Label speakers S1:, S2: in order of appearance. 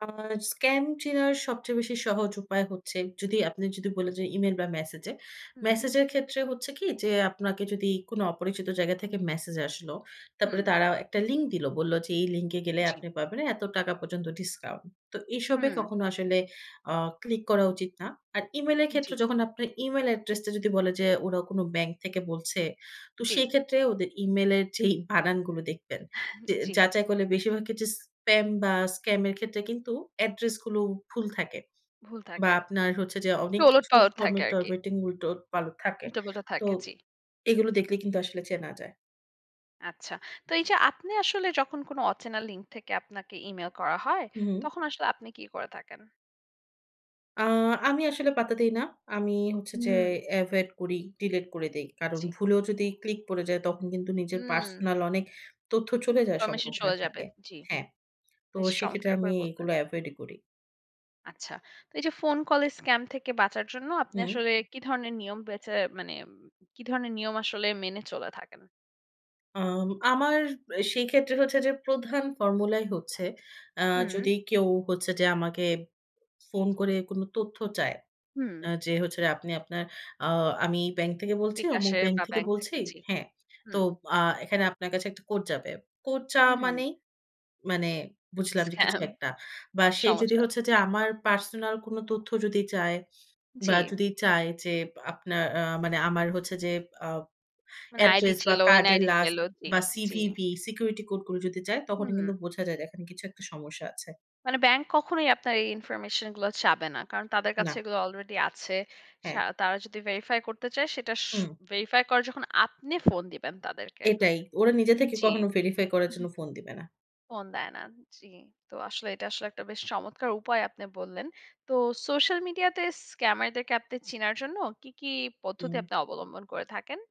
S1: আ scam চেনার সবচেয়ে বেশি সহজ উপায় হচ্ছে যদি আপনি যদি বলেন যে, ইমেইল বা মেসেজে।
S2: হুম।
S1: মেসেজের ক্ষেত্রে হচ্ছে কি? যে, আপনাকে যদি কোন অপরিচিত জায়গা থেকে মেসেজ আসলো, তারপরে
S2: হুম।
S1: তারা একটা লিঙ্ক দিল। বলল যে, এই লিঙ্কে গেলে
S2: জি।
S1: আপনি পাবেনে এত টাকা পর্যন্ত ডিসকাউন্ট। তো এসবে
S2: হুম।
S1: কখনো আসলে অ ক্লিক করা উচিত না। আর Email এর ক্ষেত্রে
S2: জি।
S1: যখন আপনার Email অ্যাড্রেসটা যদি বলে যে, ওরা কোন ব্যাংক থেকে বলছে। তো
S2: জি।
S1: সেক্ষেত্রে ওদের Email এর যেই বানানগুলো দেখবেন। যে,
S2: জি।
S1: যাচাই করলে বেশিরভাগ ক্ষেত্রে স্পাম বা স্কাম এর ক্ষেত্রে কিন্তু অ্যাড্রেসগুলো ভুল থাকে।
S2: ভুল
S1: বা
S2: থাকে।
S1: আপনার হচ্ছে যে,
S2: একটু
S1: অনেক
S2: ওলট
S1: কিছু
S2: পালট থাকে আরকি।
S1: ফর্মেট-টর্মেটিং উল্টোপাল্টো থাকে।
S2: উল্টা পালটা
S1: তো
S2: থাকে, জি।
S1: এগুলো দেখলে কিন্তু আসলে চেনা যায়।
S2: আচ্ছা। তো এই যে, আপনি আসলে যখন কোনো অচেনা লিঙ্ক থেকে আপনাকে ইমেইল করা হয়,
S1: হুম।
S2: তখন আসলে আপনি কি করে থাকেন?
S1: আ আমি আসলে পাত্তা দেই না। আমি হচ্ছে যে,
S2: হুম।
S1: এভয়েড করি, ডিলিট করে দেই। কারণ
S2: জি।
S1: ভুলেও যদি ক্লিক পড়ে যায় তখন কিন্তু নিজের
S2: হুম।
S1: পার্সোনাল অনেক তথ্য চলে যাওয়ার
S2: ইনফরমেশন
S1: সম্ভাবনা
S2: চলে যাবে,
S1: থাকে।
S2: জি।
S1: হ্যাঁ, তো
S2: বেশ
S1: সেক্ষেত্রে
S2: চমৎকার
S1: আমি
S2: করে বললেন।
S1: এগুলো এভয়েডই করি।
S2: আচ্ছা। তো এই যে, ফোন কলের স্কাম থেকে বাঁচার জন্য আপনি
S1: হুম।
S2: আসলে কি ধরনের নিয়ম বেঁচে মানে ওম কি ধরনের নিয়ম আসলে মেনে চলে থাকেন?
S1: আম আমার এ সেই ক্ষেত্রে হচ্ছে যে, প্রধান ফর্মুলাই হচ্ছে আ
S2: হুম।
S1: যদি কেউ হচ্ছে যে, আমাকে ফোন করে কোন তথ্য চায়।
S2: হুম।
S1: আ যে, হচ্ছে যে, আপনি আপনার ও আমি ব্যাংক থেকে বলছি, অমুক
S2: বিকাশের
S1: ব্যাংক
S2: বা
S1: থেকে
S2: ব্যাংক
S1: বলছি।
S2: থেকে। জি,
S1: হ্যাঁ, তো
S2: হুম।
S1: আ এখানে আপনার কাছে একটা কোড যাবে। কোড চাওয়া
S2: হুম।
S1: মানেই, মানে বুঝলাম যে, কিছু
S2: স্কাম
S1: একটা। বা সে যদি
S2: সমস্যা
S1: হচ্ছে
S2: আছে,
S1: যে,
S2: জি।
S1: আমার পার্সোনাল কোন তথ্য যদি চায় বা
S2: জি।
S1: যদি চায় যে, আপনার আ মানে আমার হচ্ছে যে, আ
S2: মানে আইডি
S1: অ্যাড্রেস। বা
S2: ছিল,
S1: কার্ডের
S2: NID
S1: লাস্ট
S2: ছিল। জি,
S1: বা
S2: জি।
S1: সিভিভি, সিকিউরিটি কোড গুলো যদি যায় তখনই
S2: হুম।
S1: কিন্তু বোঝা যায় যে, এখানে কিছু একটা সমস্যা আছে।
S2: মানে ব্যাংক কখনোই আপনার এই ইনফরমেশনগুলো চাবে না। কারণ তাদের কাছে
S1: না।
S2: এগুলো অলরেডি আছে। সা
S1: হ্যাঁ।
S2: তারা যদি ভেরিফাই করতে চায় সেটাস
S1: হুম।
S2: ভেরিফাই করে যখন আপনি ফোন দিবেন তাদেরকে।
S1: এটাই, ওরা নিজে থেকে
S2: জি।
S1: কখনো ভেরিফাই করার জন্য ফোন দিবে না।
S2: ফোন দেয় না, জি। তো আসলে এটা আসলে একটা বেশ চমৎকার উপায় আপনি বললেন। তো সোশ্যাল মিডিয়াতে স্ক্যামাদেরকে আপনি চেনার জন্য কি, কি, পদ্ধতি
S1: হুম।
S2: আপনি অবলম্বন করে থাকেন?